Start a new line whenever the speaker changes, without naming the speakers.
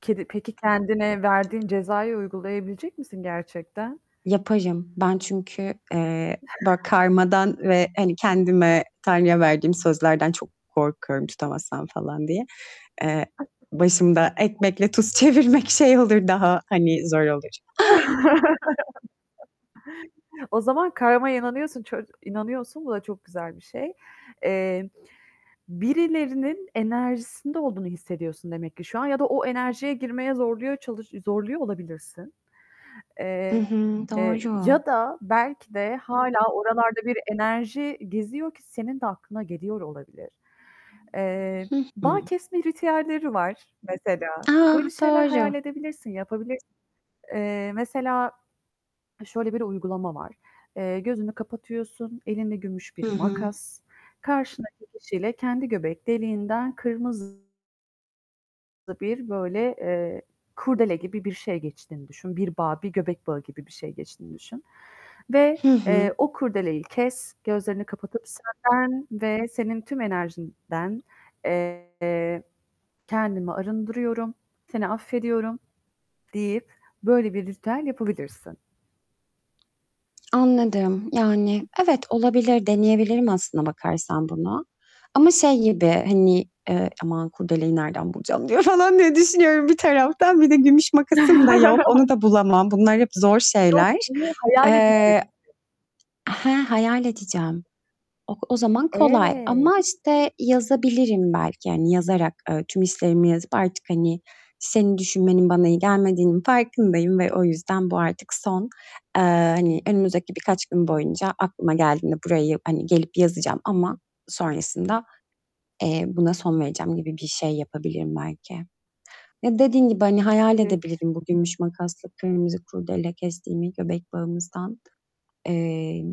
Kedi Peki, kendine verdiğin cezayı uygulayabilecek misin gerçekten?
Yaparım. Ben çünkü, eee, ba karmadan ve hani kendime Tanrı'ya verdiğim sözlerden çok korkuyorum tutamazsan falan diye. Eee, başımda ekmekle tuz çevirmek şey olur
[unintelligible]
daha, hani, zor olur.
O zaman karmaya inanıyorsun, ço inanıyorsun, bu da çok güzel bir şey. Eee, birilerinin enerjisinde olduğunu hissediyorsun demek ki şu an ya da o enerjiye girmeye zorluyor çalış zorluyor olabilirsin.
Hı
Eee,
hı. Doğru.
ya da belki de hâlâ oralarda bir enerji geziyor ki senin de aklına geliyor olabilir. Eee,
Hı
bağ
hı.
kesme ritüelleri var mesela. Böyle
A!
şeyler hayal
Doğru.
edebilirsin, yapabilir Eee, mesela şöyle bir uygulama var. Eee, gözünü kapatıyorsun, elinde gümüş bir
Hı hı.
makas, karşındaki kişiyle kendi göbek deliğinden kırmızı bir böyle, eee, kurdele gibi bir şey geçtiğini düşün, bir bağ, bir göbek bağı gibi bir şey geçtiğini düşün ve,
Hı hı.
eee, o kurdeleyi kes, gözlerini kapatıp senden ve senin tüm enerjinden, eee, "Kendimi arındırıyorum, seni affediyorum." deyip böyle bir ritüel yapabilirsin.
Anladım, yani, evet olabilir, deneyebilirim aslına bakarsan bunu ama şey gibi, hani, "Eee, aman kurdeleyi nereden bulacağım, diyorum." falan diye düşünüyorum bir taraftan. Bir de gümüş makasım da yok. Onu da bulamam. Bunlar hep zor
Yok
şeyler.
bunu hayal edeceksin.
Eee He, hayal edeceğim. O o zaman kolay
Evet.
ama, işte, yazabilirim belki, hani, yazarak, eee, tüm hislerimi yazıp artık, hani, "Senin düşünmenin bana iyi gelmediğinin farkındayım ve o yüzden bu artık son." Eee, hani, önümüzdeki birkaç gün boyunca aklıma geldiğinde buraya ya hani, gelip yazacağım ama sonrasında, eee, buna son vereceğim gibi bir şey yapabilirim belki. Ya, dediğin gibi, hani, hayal
Evet.
edebilirim bu gümüş makasla kırmızı kurdele kestiğimi göbek bağımızdan. Emm